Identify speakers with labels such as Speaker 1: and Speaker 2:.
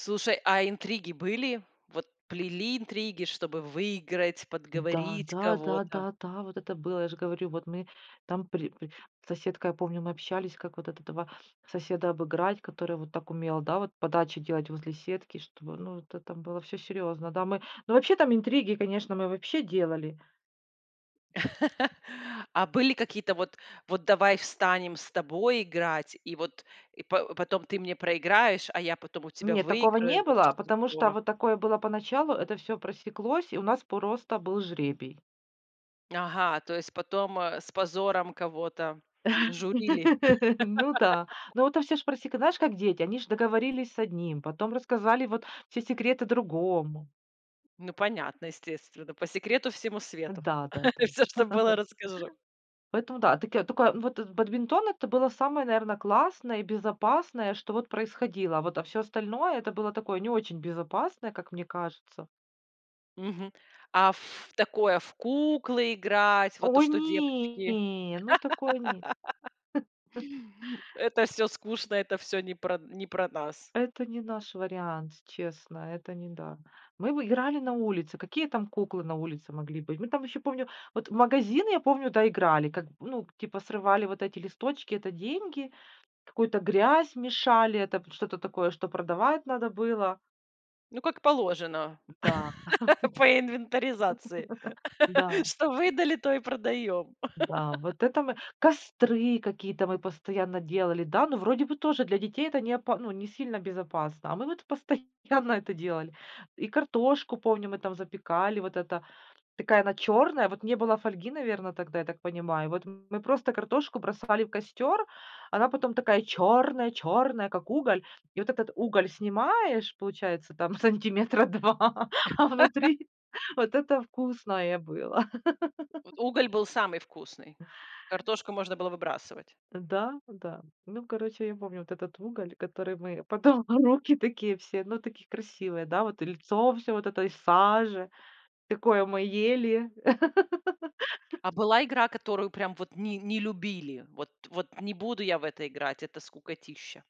Speaker 1: Слушай, а интриги были? Вот, плели интриги, чтобы выиграть,
Speaker 2: Да,
Speaker 1: подговорить
Speaker 2: да, да,
Speaker 1: кого-то?
Speaker 2: да, да вот это было. Я ж говорю, вот мы там при при с соседкой, я помню, мы общались, как вот этого соседа обыграть, который, вот, так умел, да, вот подачи делать возле сетки, чтобы ну, это там было всё серьезно. Да, мы ну, вообще, там интриги, конечно, мы вообще делали.
Speaker 1: А были какие-то вот: "Вот, давай, встанем с тобой играть, и вот, и па потом ты мне проиграешь, а я потом у тебя
Speaker 2: Нет, такого
Speaker 1: выиграю."
Speaker 2: не
Speaker 1: Вот
Speaker 2: было,
Speaker 1: что-то
Speaker 2: потому что
Speaker 1: такого.
Speaker 2: вот такое было поначалу, это всё просеклось и у нас просто был жребий.
Speaker 1: Ага, то есть потом, э, с позором кого-то журили.
Speaker 2: Ну да. Ну, это всё ж просека знаешь, как дети, они ж договорились с одним, потом рассказали, вот, все секреты другому.
Speaker 1: Ну, понятно, естественно. По секрету всему свету.
Speaker 2: Да-да-да.
Speaker 1: Всё, что было, расскажу.
Speaker 2: Поэтому, да. Таки а тока вот в бадминтон- это было самое, наверно, классное и безопасное, что вот происходило. Вот, а всё остальное- это было такое не очень безопасное, как мне кажется.
Speaker 1: Мгм. А ф такое в куклы играть, вот то,
Speaker 2: Ой,
Speaker 1: что
Speaker 2: не
Speaker 1: девочки.
Speaker 2: не, ну, такое нет.
Speaker 1: Это всё скучно. Это всё не про не про нас.
Speaker 2: Это не наш вариант, честно, это не да. Мы бы играли на улице. Какие там куклы на улице могли быть? Мы там ещё помню вот в магазин, я помню, да, играли. Как, ну, к типа, срывали вот эти листочки- это деньги. Какую-то грязь мешали, это п что-то такое, что продавать надо было.
Speaker 1: Ну, как положено
Speaker 2: М, да.
Speaker 1: по инвентаризации,
Speaker 2: Да.
Speaker 1: что выдали, то и продаем.
Speaker 2: Да. Вот это мы костры какие-то мы постоянно делали. Да, но, вроде бы, тоже для детей это не опа ну, не сильно безопасно, а мы вот постоянно это делали. И картошку, помню, мы там запекали, вот эта. Такая она черная. Вот не было фольги, наверное, тогда, я так понимаю. Вот мы просто картошку бросали в костер. Она потом такая чёрная-чёрная, как уголь. И вот этот уголь снимаешь, получается, там, сантиметра 2, а внутри вот это вкусное было.
Speaker 1: Вот уголь был самый вкусный. Картошку можно было выбрасывать.
Speaker 2: Да-да. Ну, короче, я помню вот этот уголь, который мы потом руки такие все ну, такие, красивые, да. Вот и лицо всё вот в этой саже. Такое мы ели.
Speaker 1: А была игра, которую прям вот не не любили? Вот вот не буду я в это играть, это скукотища.